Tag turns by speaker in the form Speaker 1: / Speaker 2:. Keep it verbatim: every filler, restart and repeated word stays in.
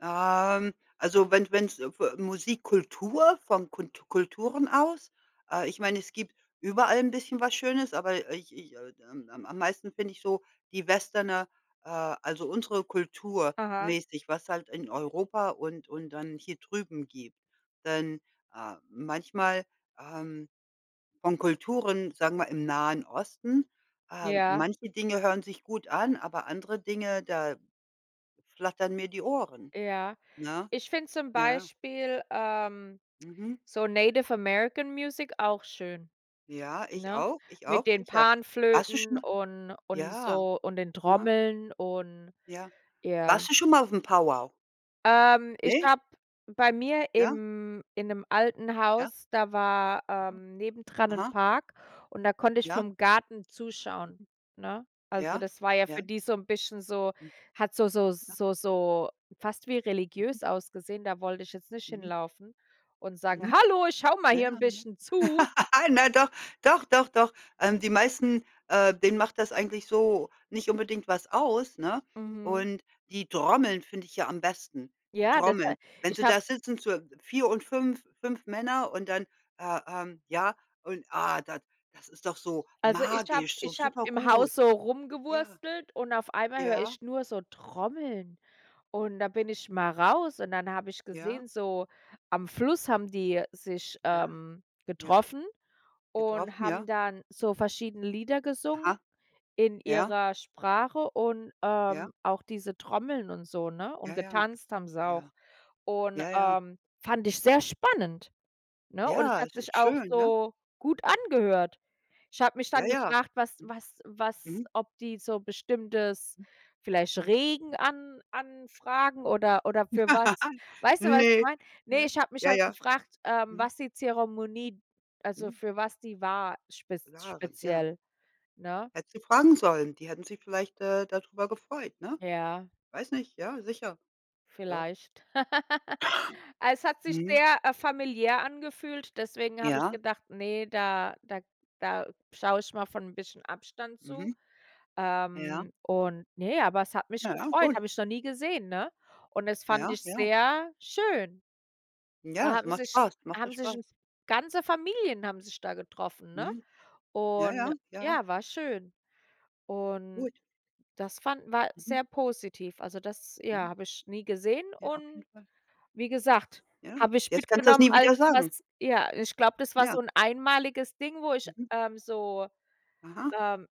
Speaker 1: Ähm, also wenn wenn's f äh, Musikkultur, von Kunt Kulturen aus. Äh, ich meine, es gibt überall 'n bisschen was Schönes, aber ich ich, äh, ähm, am meisten finde ich so die Westerne, äh, also unsere Kultur
Speaker 2: Aha.
Speaker 1: mäßig, was halt in Europa und und dann hier drüben gibt. Denn, äh, manchmal, ähm, von Kulturen, sagen wir, im Nahen Osten. Ähm,
Speaker 2: Ja.
Speaker 1: manche Dinge hören sich gut an, aber andere Dinge, da flattern mir die Ohren.
Speaker 2: Ja.
Speaker 1: Ne?
Speaker 2: Ich finde zum
Speaker 1: Ja.
Speaker 2: Beispiel, ähm,
Speaker 1: Mhm.
Speaker 2: so Native American Music auch schön,
Speaker 1: Ja, ich
Speaker 2: ne?
Speaker 1: auch, ich
Speaker 2: Mit
Speaker 1: auch
Speaker 2: den
Speaker 1: sicher. Warst du schon
Speaker 2: Panflöten
Speaker 1: mal
Speaker 2: und und
Speaker 1: ja.
Speaker 2: so und den
Speaker 1: Na.
Speaker 2: Trommeln und
Speaker 1: Ja.
Speaker 2: ja.
Speaker 1: Warst du schon mal auf'm 'Powwow'?
Speaker 2: Ähm, ich
Speaker 1: Ne?
Speaker 2: glaube, bei mir,
Speaker 1: Ja.
Speaker 2: im in 'nem alten
Speaker 1: Ja.
Speaker 2: Haus, da war,
Speaker 1: Mhm.
Speaker 2: ähm, nebendran 'n
Speaker 1: Aha.
Speaker 2: Park und da konnte ich
Speaker 1: Ja.
Speaker 2: vom Garten zuschauen,
Speaker 1: Mhm.
Speaker 2: ne? Also
Speaker 1: Ja.
Speaker 2: das war ja
Speaker 1: Ja.
Speaker 2: für die so 'n, bisschen so
Speaker 1: Mhm.
Speaker 2: hat so so
Speaker 1: Ja.
Speaker 2: so so fast wie
Speaker 1: Mhm.
Speaker 2: religiös ausgesehen. Da wollte ich jetzt nicht
Speaker 1: Mhm.
Speaker 2: hinlaufen und sagen:
Speaker 1: Mhm.
Speaker 2: „Hallo, ich schaue mal
Speaker 1: Na
Speaker 2: hier 'n
Speaker 1: ja, ne?
Speaker 2: bisschen zu.“
Speaker 1: Na, doch. Doch, doch, doch. Ähm, die meisten, äh, denen macht das eigentlich so nicht unbedingt was aus, ne?
Speaker 2: Mhm.
Speaker 1: Und die Trommeln finde ich ja am besten, die
Speaker 2: Ja,
Speaker 1: Trommeln.
Speaker 2: deshalb,
Speaker 1: Wenn
Speaker 2: ich
Speaker 1: Sie
Speaker 2: hab
Speaker 1: da sitzen, so vier und fünf 5 Männer und dann, äh, ähm, ja, und, ah, da das ist doch so
Speaker 2: Also ich habe,
Speaker 1: magisch, so
Speaker 2: ich habe
Speaker 1: super
Speaker 2: im
Speaker 1: gut.
Speaker 2: Haus so
Speaker 1: Ja.
Speaker 2: rumgewurstelt und auf einmal höre
Speaker 1: Ja.
Speaker 2: ich nur so Trommeln. Und da bin ich mal raus und dann habe ich
Speaker 1: Ja.
Speaker 2: gesehen, so am Fluss haben die sich,
Speaker 1: Ja.
Speaker 2: ähm,
Speaker 1: Ja.
Speaker 2: getroffen und
Speaker 1: Getroffen,
Speaker 2: haben
Speaker 1: ja.
Speaker 2: dann so verschiedene Lieder gesungen
Speaker 1: Aha.
Speaker 2: in
Speaker 1: Ja.
Speaker 2: ihrer Sprache und,
Speaker 1: Ja.
Speaker 2: ähm, auch diese Trommeln und so, ne? Und
Speaker 1: Ja, ja.
Speaker 2: getanzt haben sie
Speaker 1: Ja.
Speaker 2: auch. Und,
Speaker 1: Ja, ja.
Speaker 2: ähm, fand ich sehr spannend, ne? Und es
Speaker 1: Ja,
Speaker 2: hat
Speaker 1: es
Speaker 2: sich
Speaker 1: ist
Speaker 2: auch
Speaker 1: schön, ne?
Speaker 2: so gut angehört. Ich habe mich
Speaker 1: Ja,
Speaker 2: dann
Speaker 1: ja.
Speaker 2: gefragt, was
Speaker 1: Mhm.
Speaker 2: was was
Speaker 1: Mhm.
Speaker 2: ob die so bestimmtes,
Speaker 1: Mhm.
Speaker 2: vielleicht Regen an anfragen, oder oder
Speaker 1: [unintelligible]
Speaker 2: für was. Weißt du, was ich
Speaker 1: Ne.
Speaker 2: meine? Ne,
Speaker 1: Ja,
Speaker 2: ich habe mich
Speaker 1: ja,
Speaker 2: halt
Speaker 1: ja.
Speaker 2: gefragt, ähm,
Speaker 1: Mhm.
Speaker 2: was die Zeremonie also
Speaker 1: Mhm.
Speaker 2: für was die war spez
Speaker 1: Jahre, ja.
Speaker 2: speziell, ne?
Speaker 1: Hätten sie fragen sollen, die hätten Sie vielleicht, äh, dadrüber gefreut, ne?
Speaker 2: Ja.
Speaker 1: Weiß nicht, ja, sicher. Doch.
Speaker 2: Vielleicht. Es hat sich
Speaker 1: Mhm.
Speaker 2: sehr, äh, familiär angefühlt, deswegen habe ich
Speaker 1: Ja.
Speaker 2: gedacht: „Ne, da da da schaue ich mal von 'n bisschen Abstand zu.“
Speaker 1: Mhm. Ja.
Speaker 2: Ähm, und, ne, aber es hat mich
Speaker 1: Ja, ja,
Speaker 2: gefreut,
Speaker 1: gut.
Speaker 2: habe ich noch nie gesehen, ne? Und es
Speaker 1: Na
Speaker 2: fand
Speaker 1: ja,
Speaker 2: ich
Speaker 1: ja.
Speaker 2: sehr schön. Da
Speaker 1: Ja, es
Speaker 2: haben
Speaker 1: macht
Speaker 2: sich
Speaker 1: Spaß, macht doch
Speaker 2: haben sich
Speaker 1: Spaß.
Speaker 2: 'n ganze Familien haben sich da getroffen, ne?
Speaker 1: Mhm. Ja,
Speaker 2: Und
Speaker 1: ja, ja.
Speaker 2: ja, war schön. Und
Speaker 1: Gut.
Speaker 2: das fanden wir
Speaker 1: Mhm.
Speaker 2: sehr positiv. Also, das, ja,
Speaker 1: Mhm.
Speaker 2: habe ich nie gesehen.
Speaker 1: Ja, auf
Speaker 2: Und
Speaker 1: jeden Fall.
Speaker 2: wie gesagt,
Speaker 1: Ja,
Speaker 2: habe ich
Speaker 1: jetzt kannst du das
Speaker 2: mitgenommen
Speaker 1: nie
Speaker 2: als
Speaker 1: wieder sagen.
Speaker 2: was, ja, ich glaube, das war so
Speaker 1: Ja.
Speaker 2: 'n einmaliges Ding, wo ich,
Speaker 1: Mhm.
Speaker 2: ähm, so,
Speaker 1: Aha.
Speaker 2: ähm